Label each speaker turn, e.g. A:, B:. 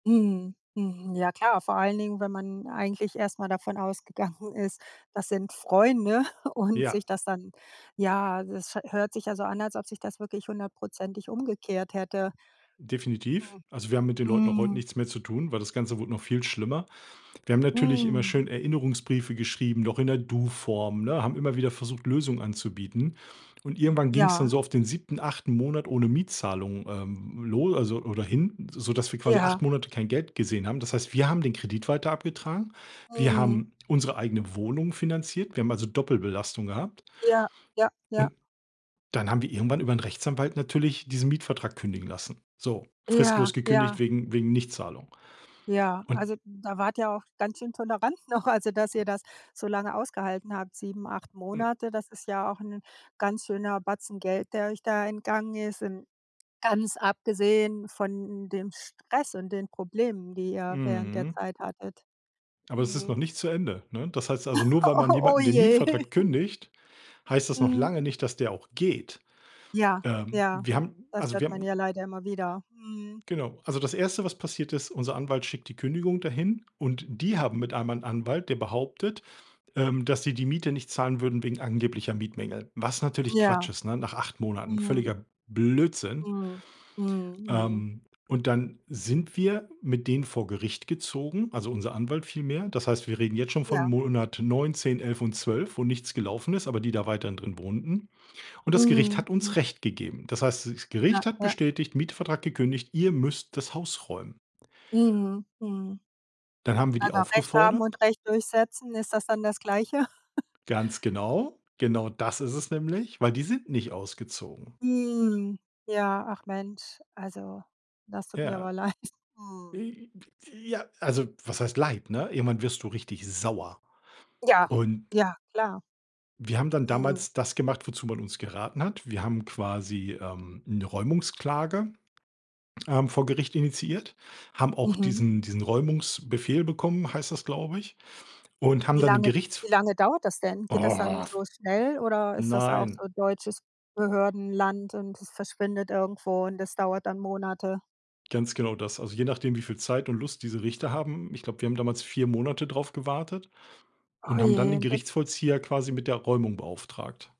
A: Mhm, mhm, ja klar, vor allen Dingen, wenn man eigentlich erst mal davon ausgegangen ist, das sind Freunde und
B: Ja.
A: sich das dann ja, das hört sich ja so an, als ob sich das wirklich 100 % umgekehrt hätte.
B: Definitiv,
A: Mhm,
B: also, wir haben mit den Leuten auch heute
A: Mhm.
B: nichts mehr zu tun, weil das Ganze wurde noch viel schlimmer. Wir haben natürlich immer
A: Mhm.
B: schön Erinnerungsbriefe geschrieben, noch in der Du-Form, ne? Haben immer wieder versucht, Lösungen anzubieten. Und irgendwann ging's dann
A: Ja.
B: so auf den 7., 8. Monat ohne Mietzahlung, ähm, lo also, oder hin, sodass wir quasi 8
A: Ja.
B: Monate kein Geld gesehen haben. Das heißt, wir haben den Kredit weiter abgetragen. Wir
A: Mhm.
B: haben unsere eigene Wohnung finanziert. Wir haben also Doppelbelastung gehabt.
A: Ja ja ja.
B: Und dann haben wir irgendwann über 'n Rechtsanwalt natürlich diesen Mietvertrag kündigen lassen. So
A: Ja,
B: fristlos gekündigt
A: ja.
B: wegen wegen Nichtzahlung.
A: Ja,
B: Und
A: also, da wart ihr auch ganz schön tolerant noch, also, dass ihr das so lange ausgehalten habt. 7, 8
B: Hm.
A: Monate, das ist ja auch 'n ganz schöner Batzen Geld, der euch da entgangen ist in Ganz abgesehen von, hm, dem Stress und den Problemen, die ihr während der
B: Mhm.
A: Zeit hattet.
B: Aber es ist noch
A: Mhm.
B: nicht zu Ende, ne, das heißt also, nur weil man
A: Oh, oh
B: jemanden den
A: je.
B: Mietvertrag kündigt, heißt das noch
A: Mhm.
B: lange nicht, dass der auch geht.
A: Ja.
B: Ähm,
A: Ja,
B: wir haben
A: das
B: also,
A: hört
B: wir haben
A: man ja leider immer wieder, mhm.
B: Genau also, das Erste, passiert ist: Unser Anwalt schickt die Kündigung da hin, und die haben mit einemal 'n Anwalt, der behauptet, ähm, dass sie die Miete nicht zahlen würden wegen angeblicher Mietmängel, was natürlich Quatsch
A: Ja.
B: ist, ne, nach 8 Monaten
A: Mhm.
B: völliger Blödsinn.
A: Mhm, mhm, mhm.
B: Ähm, und dann sind wir mit denen vor Gericht gezogen, also, unser Anwalt vielmehr. Das heißt, wir reden jetzt schon von
A: Ja.
B: Monat 9, 10, 11 und 12, wo nichts gelaufen ist, aber die da weiterhin drin wohnten, und das Gericht
A: Mhm.
B: hat
A: Hm.
B: uns recht gegeben. Das heißt, das
A: Ja,
B: Gericht hat
A: ja.
B: bestätigt: „Mietvertrag gekündigt- ihr müsst das Haus räumen.“
A: Mhm, mhm.
B: Dann haben wir die
A: Aber recht haben
B: aufgefordert
A: und Recht durchsetzen, ist das dann das Gleiche?
B: Ganz genau. Genau das ist es nämlich, weil die sind nicht ausgezogen.
A: Mhm, ja, ach Mensch, also, das tut mir
B: Ja,
A: aber leid, mhm.
B: wie wie Ja, also, was heißt Leid, ne? Irgendwann wirst du richtig sauer.
A: Ja.
B: Und
A: Ja, klar.
B: wir haben dann
A: Mhm.
B: damals das gemacht, wozu man uns geraten hat. Wir haben quasi, ähm, 'ne Räumungsklage, ähm, vor Gericht initiiert, haben auch
A: Mhm.
B: diesen diesen Räumungsbefehl bekommen, heißt das, glaube ich. Und haben
A: Wie
B: dann den
A: lange
B: Gerichts
A: wie lange dauert das denn? Geht das dann
B: Och
A: so schnell, oder ist das auch
B: Nein.
A: so deutsches Behördenland, und es verschwindet irgendwo, und es dauert dann Monate?
B: Ganz genau das, also, je nachdem, wie viel Zeit und Lust diese Richter haben. Ich glaub, wir haben damals 4 Monate drauf gewartet
A: Oh
B: und haben dann
A: je,
B: den
A: und wenn
B: Gerichtsvollzieher quasi mit der Räumung beauftragt.